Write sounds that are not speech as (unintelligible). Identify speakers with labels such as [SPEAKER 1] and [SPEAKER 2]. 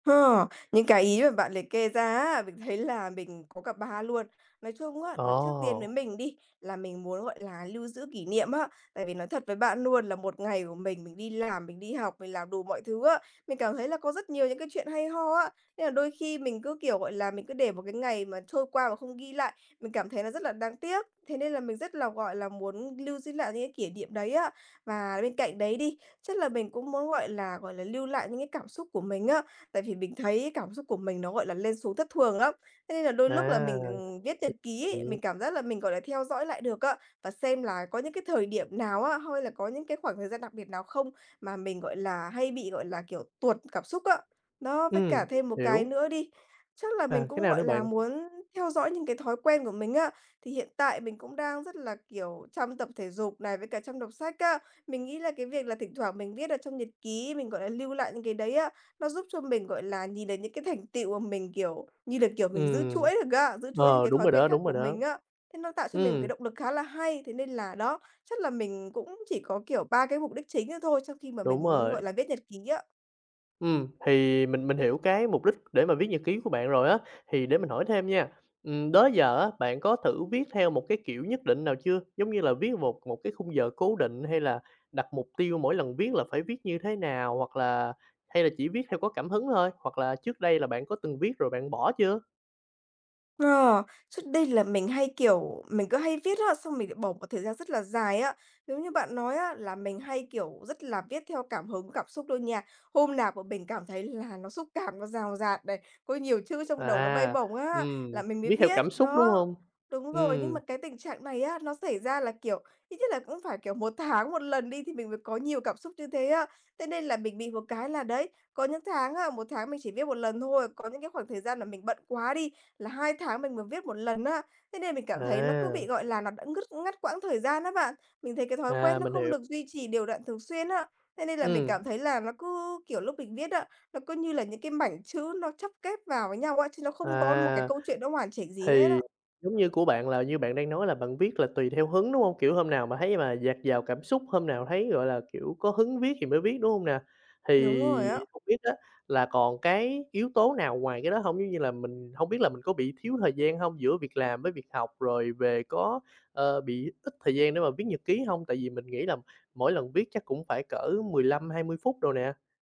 [SPEAKER 1] Ha, những cái ý mà bạn liệt kê ra á, mình thấy là mình có cả 3 luôn. Nói chung á, là trước tiên với
[SPEAKER 2] Ồ!
[SPEAKER 1] mình đi, là mình muốn, gọi là, lưu giữ kỷ niệm á. Tại vì nói thật với bạn luôn là một ngày của mình, mình đi làm, mình đi học, mình làm đủ mọi thứ á. Mình cảm thấy là có rất nhiều những cái chuyện hay ho á. Nên là đôi khi mình cứ, kiểu, gọi là, mình cứ để một cái ngày mà trôi qua mà không ghi lại, mình cảm thấy nó rất là đáng tiếc. Thế nên là mình rất là, gọi là, muốn lưu giữ lại những cái kỷ niệm đấy á. Và bên cạnh đấy đi, chắc là mình cũng muốn, gọi là, gọi là, lưu lại những cái cảm xúc của mình á. Tại vì mình thấy cảm xúc của mình nó, gọi là, lên xuống thất thường lắm. Thế nên là đôi lúc là
[SPEAKER 2] À!
[SPEAKER 1] mình viết nhật ký ấy, mình
[SPEAKER 2] (unintelligible)
[SPEAKER 1] cảm giác là mình, gọi là, theo dõi lại được á, và xem là có những cái thời điểm nào á, hay là có những cái khoảng thời gian đặc biệt nào không, mà mình, gọi là, hay bị, gọi là, kiểu, tuột cảm xúc á. Đó, với cả
[SPEAKER 2] Ừm,
[SPEAKER 1] thêm 1 cái
[SPEAKER 2] hiểu.
[SPEAKER 1] nữa đi, chắc là mình
[SPEAKER 2] À, cái
[SPEAKER 1] cũng,
[SPEAKER 2] nào
[SPEAKER 1] gọi
[SPEAKER 2] nữa
[SPEAKER 1] là,
[SPEAKER 2] bạn?
[SPEAKER 1] muốn theo dõi những cái thói quen của mình á. Thì hiện tại mình cũng đang rất là, kiểu, chăm tập thể dục này, với cả chăm đọc sách á. Mình nghĩ là cái việc là thỉnh thoảng mình viết ở trong nhật ký, mình, gọi là, lưu lại những cái đấy á, nó giúp cho mình, gọi là, nhìn được những cái thành tựu mà mình, kiểu như là, kiểu, mình giữ
[SPEAKER 2] Ừm.
[SPEAKER 1] chuỗi được á, giữ chuỗi những
[SPEAKER 2] Ờ,
[SPEAKER 1] cái
[SPEAKER 2] đúng
[SPEAKER 1] thói
[SPEAKER 2] rồi
[SPEAKER 1] quen
[SPEAKER 2] đó,
[SPEAKER 1] khác
[SPEAKER 2] đúng rồi
[SPEAKER 1] của
[SPEAKER 2] đó.
[SPEAKER 1] mình á. Thế nó tạo cho mình một cái
[SPEAKER 2] Ừm.
[SPEAKER 1] động lực khá là hay. Thế nên là, đó, chắc là mình cũng chỉ có, kiểu, 3 cái mục đích chính đó thôi trong khi mà mình
[SPEAKER 2] Đúng
[SPEAKER 1] muốn,
[SPEAKER 2] rồi.
[SPEAKER 1] gọi là, viết nhật ký á.
[SPEAKER 2] Ừm, thì mình mình hiểu cái mục đích để mà viết nhật ký của bạn rồi á, thì để mình hỏi thêm nha, ừm, đó giờ á, bạn có thử viết theo một cái kiểu nhất định nào chưa? Giống như là viết một một cái khung giờ cố định, hay là đặt mục tiêu mỗi lần viết là phải viết như thế nào, hoặc là hay là chỉ viết theo có cảm hứng thôi, hoặc là trước đây là bạn có từng viết rồi bạn bỏ chưa?
[SPEAKER 1] À, trước đây là mình hay, kiểu, mình cứ hay viết á xong mình lại bỏ một thời gian rất là dài á. Giống như bạn nói á, là mình hay, kiểu, rất là viết theo cảm hứng, cảm xúc luôn nha. Hôm nào mà mình cảm thấy là nó xúc cảm, nó dào dạt này, có nhiều chữ trong đầu, nó bay
[SPEAKER 2] À!
[SPEAKER 1] bổng á, là
[SPEAKER 2] Ừm,
[SPEAKER 1] mình mới
[SPEAKER 2] viết theo
[SPEAKER 1] viết.
[SPEAKER 2] cảm xúc, đúng
[SPEAKER 1] Đó.
[SPEAKER 2] hông?
[SPEAKER 1] Đúng rồi, nhưng mà
[SPEAKER 2] Ừm.
[SPEAKER 1] cái tình trạng này á, nó xảy ra là, kiểu, ít nhất là cũng phải, kiểu, 1 tháng 1 lần đi thì mình mới có nhiều cảm xúc như thế á. Thế nên là mình bị một cái là, đấy, có những tháng á, 1 tháng mình chỉ viết 1 lần thôi, có những cái khoảng thời gian mà mình bận quá đi, là 2 tháng mình mới viết 1 lần á. Thế nên mình cảm thấy nó cứ
[SPEAKER 2] À!
[SPEAKER 1] bị, gọi là, nó đã ngứt ngắt quãng thời gian đó bạn, mình thấy cái thói
[SPEAKER 2] À,
[SPEAKER 1] quen nó
[SPEAKER 2] mình
[SPEAKER 1] không
[SPEAKER 2] hiểu.
[SPEAKER 1] được duy trì đều đặn thường xuyên á. Thế nên là mình
[SPEAKER 2] Ừm.
[SPEAKER 1] cảm thấy là nó cứ, kiểu, lúc mình viết á, nó cứ như là những cái mảnh chữ nó chắp ghép vào với nhau á, chứ nó không có một cái
[SPEAKER 2] À!
[SPEAKER 1] câu chuyện nó hoàn chỉnh gì hết
[SPEAKER 2] Thì
[SPEAKER 1] á.
[SPEAKER 2] giống như của bạn là như bạn đang nói là bạn viết là tùy theo hứng, đúng hông? Kiểu, hôm nào mà thấy mà dạt dào cảm xúc, hôm nào thấy, gọi là, kiểu, có hứng viết thì mới viết, đúng hông nè?
[SPEAKER 1] Đúng rồi á.
[SPEAKER 2] Thì hông biết á là còn cái yếu tố nào ngoài cái đó hông? Giống như là mình hông biết là mình có bị thiếu thời gian hông giữa việc làm với việc học, rồi về có, ờ, bị ít thời gian để mà viết nhật ký hông? Tại vì mình nghĩ là mỗi lần viết chắc cũng phải cỡ 15-20 phút đồ nè.